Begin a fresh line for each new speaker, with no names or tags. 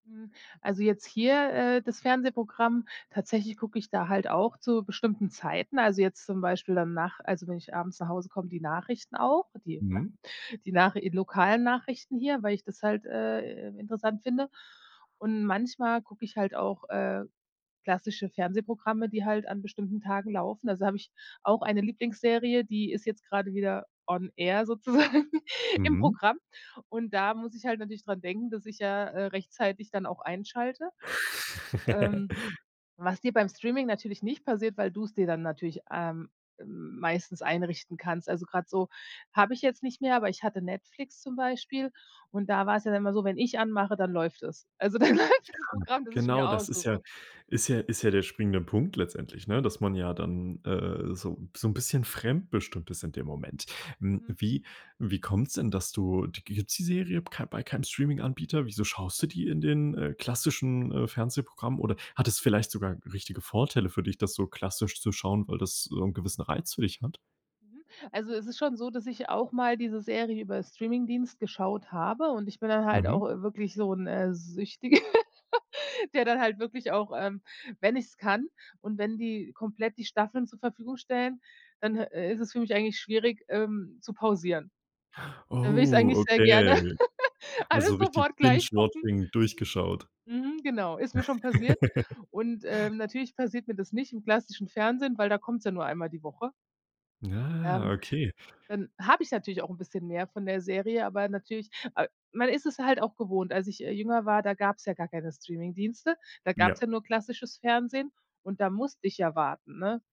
Mhm, also jetzt hier, äh, das Fernsehprogramm, tatsächlich gucke ich da halt auch zu bestimmten Zeiten, also jetzt zum Beispiel dann nach also, wenn ich abends nach Hause komme, die Nachrichten auch, die
Mhm.
die Nach lokalen Nachrichten hier, weil ich das halt, äh, interessant finde. Und manchmal gucke ich halt auch, äh, klassische Fernsehprogramme, die halt an bestimmten Tagen laufen. Also habe ich auch eine Lieblingsserie, die ist jetzt gerade wieder on air sozusagen im
Mhm.
Programm. Und da muss ich halt natürlich dran denken, dass ich ja, äh, rechtzeitig dann auch einschalte. Ähm, was dir beim Streaming natürlich nicht passiert, weil du's dir dann natürlich, ähm, m meistens einrichten kannst. Also grad so habe ich jetzt nicht mehr, aber ich hatte Netflix zum Beispiel und da war es ja dann immer so, wenn ich anmache, dann läuft es. Also dann läuft
Ja,
das Programm, das ich mir
genau, das ist ja
aussuche.
ist ja ist ja der springende Punkt letztendlich, ne? Dass man ja dann, äh, so so 'n bisschen fremdbestimmt ist in dem Moment. Hm,
Mhm.
wie wie kommt's denn, dass du d gibt's die Serie kei bei keinem Streaminganbieter? Wieso schaust du die in den, äh, klassischen, äh, Fernsehprogrammen oder hat es vielleicht sogar richtige Vorteile für dich, das so klassisch zu schauen, weil das so 'n gewissen Reiz für dich hat?
Mhm, also es ist schon so, dass ich auch mal diese Serie über Streamingdienst geschaut habe und ich bin dann halt
Mhm.
auch, äh, wirklich so 'n, äh, Süchti der dann halt wirklich auch, ähm wenn ich es kann und wenn die komplett die Staffeln zur Verfügung stellen, dann, äh, ist es für mich eigentlich schwierig, ähm, zu pausieren. Dann würd ich's
Oh,
eigentlich sehr gerne
okay. Also
alles
richtig
sofort gleich
binge
gucken.
watching durchgeschaut.
Mhm, genau, ist mir schon passiert. Und, äh, natürlich passiert mir das nicht im klassischen Fernsehen, weil da kommt's ja nur einmal die Woche.
Ah,
Ähm,
okay.
dann habe ich natürlich auch 'n bisschen mehr von der Serie, aber natürlich, a man ist es halt auch gewohnt, als ich, äh, jünger war, da gab's ja gar keine Streamingdienste, da gab's ja
Ja.
nur klassisches Fernsehen und da musste ich ja warten, ne?